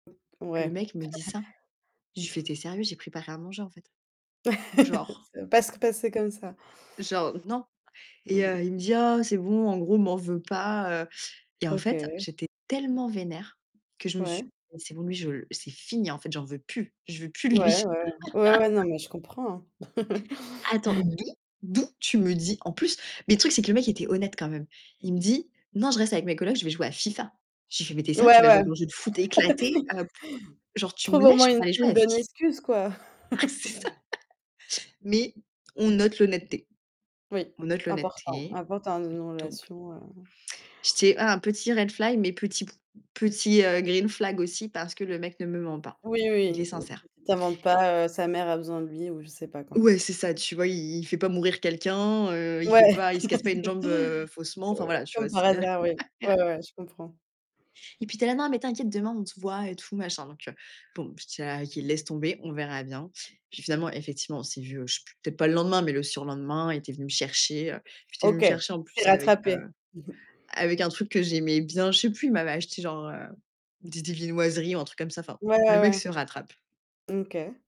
Le Ouais. mec me dit ça, je lui fais: «Tu es sérieux, j'ai préparé à manger en fait.» Genre C parce que parce que c'est comme ça. genre, non. Et, Mmh. heu, il me dit: «Oh, c'est bon», en gros, «M'en veux pas», heu. Et en fait, OK. j'étais tellement vénère que je me suis dit: Ouais. «Mais c'est bon, lui je l c'est fini, en fait j'en veux plus, je veux plus de lui». Ouais, ouais, ouais, ouais, ouais non mais je comprends, hein. Attends, d'où d'où tu me dis en plus, mais le truc, c'est que le mec était honnête quand même. Il me dit: «Non, je reste avec mes colocs, je vais jouer à FIFA.» Je lui fais «Mais tu es sérieux, tu Ouais, vas jouer ouais. à ton jeu de foot éclaté, heu p genre tu me Trouve au lâches moins pour une aller jouer une à FIFA?» bonne excuse, quoi. Ah c'est ça, mais, on note l'honnêteté, Oui, on note important, l'honnêteté. important dans une Donc relation, heu J'étais, ah, un petit red flag, mais petit p petit, heu, green flag aussi parce que le mec ne me ment pas. Oui Il est oui, tu tu sincère. tu t'inventes pas, heu, sa mère a besoin de lui ou je sais pas quoi. Ouais, c'est ça, tu vois, il fait pas mourir quelqu'un, heu, il fait Ouais, pas il se casse pas une jambe, heu, faussement. Enfin ouais, voilà, tu comme vois, par c'est hasard, oui, ouais, ouais, je comprends. Et puis il était là: «Non, mais t'inquiète, demain on se voit et tout machin». Donc bon, je dis: «Ah OK, laisse tomber, on verra bien». Puis finalement, effectivement, on s'est vus, heu, je sais plus, peut-être pas le lendemain, mais le surlendemain, il était venu me chercher, il était venu me OK, il chercher en plus s'est avec, rattrapé, heu, mmh mh. avec un truc que j'aimais bien, je sais plus, il m'avait acheté genre, heu, des des viennoiseries ou un truc comme ça, enfin Ouais, le ouais, mec se ouais, rattrape. mmh, OK.